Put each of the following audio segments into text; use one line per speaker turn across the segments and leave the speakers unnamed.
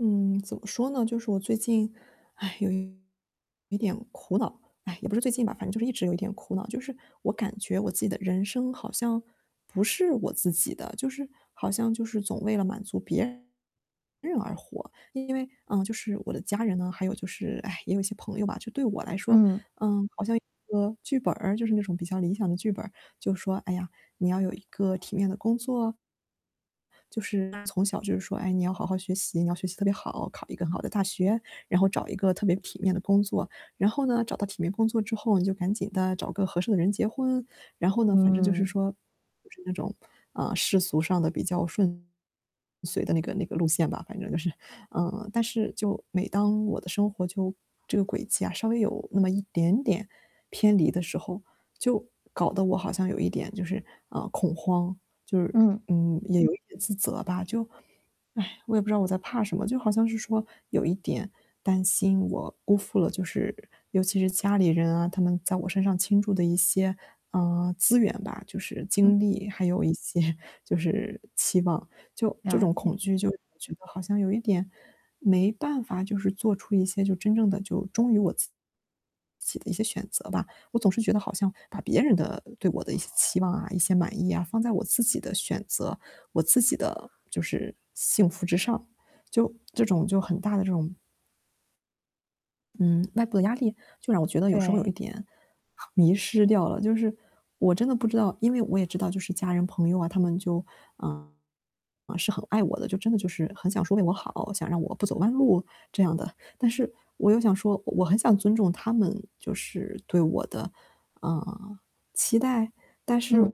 嗯，怎么说呢，就是我最近，唉，有一点苦恼，唉，也不是最近吧，反正就是一直有一点苦恼，就是我感觉我自己的人生好像不是我自己的，就是好像就是总为了满足别人而活，因为，啊，就是我的家人呢，还有就是，唉，也有些朋友吧，就对我来说，
嗯。
呃，好像一个剧本儿，就是那种比较理想的剧本儿，就是说，哎呀，你要有一个体面的工作。就是从小就是说，哎，你要好好学习，你要学习特别好，考一个很好的大学，然后找一个特别体面的工作，然后呢，找到体面工作之后，你就赶紧地找个合适的人结婚，然后呢，反正就是
嗯。
说，就是那种，啊，世俗上的比较顺遂的那个那个路线吧，反正就是。呃，但是就每当我的生活就这个轨迹啊，稍微有那么一点点偏离的时候，就搞得我好像有一点就是，呃，恐慌，就是，
嗯。
嗯，也有一点自责吧，就唉，我也不知道我在怕什么，就好像是说有一点担心我辜负了，就是尤其是家里人啊，他们在我身上倾注的一些，呃，资源吧，就是
嗯。
精力，还有一些就是期望，就这
了
种
解。
恐惧，就我觉得好像有一点没办法就是做出一些，就真正的就忠于我自己的一些选择吧。我总是觉得好像把别人的对我的一些期望啊，一些满意啊，放在我自己的选择，我自己的就是幸福之上，就这种就很大的这种嗯，外部的压力，就让我觉得有时候有一
对。
点迷失掉了，就是我真的不知道因为我也知道就是家人朋友啊，他们就嗯，是很爱我的，就真的就是很想说为我好，想让我不走弯路，这样的。但是我又想说，我很想尊重他们，就是对我的，呃，期待，但是
嗯。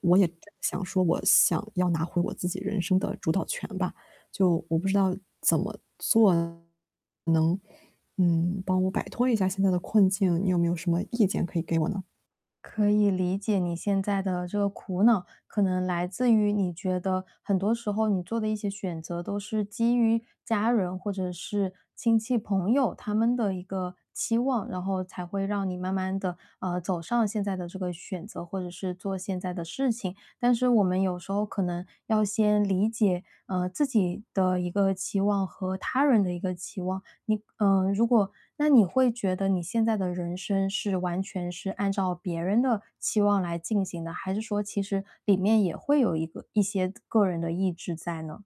我也想说我想要拿回我自己人生的主导权吧，就我不知道怎么做能，嗯，帮我摆脱一下现在的困境，你有没有什么意见可以给我呢？
可以理解你现在的这个苦恼，可能来自于你觉得很多时候你做的一些选择都是基于家人或者是亲戚朋友他们的一个期望，然后才会让你慢慢地，呃，走上现在的这个选择，或者是做现在的事情。但是我们有时候可能要先理解，呃，自己的一个期望和他人的一个期望。你呃，如果那你会觉得你现在的人生是完全是按照别人的期望来进行的，还是说其实里面也会有一个一些个人的意志在呢。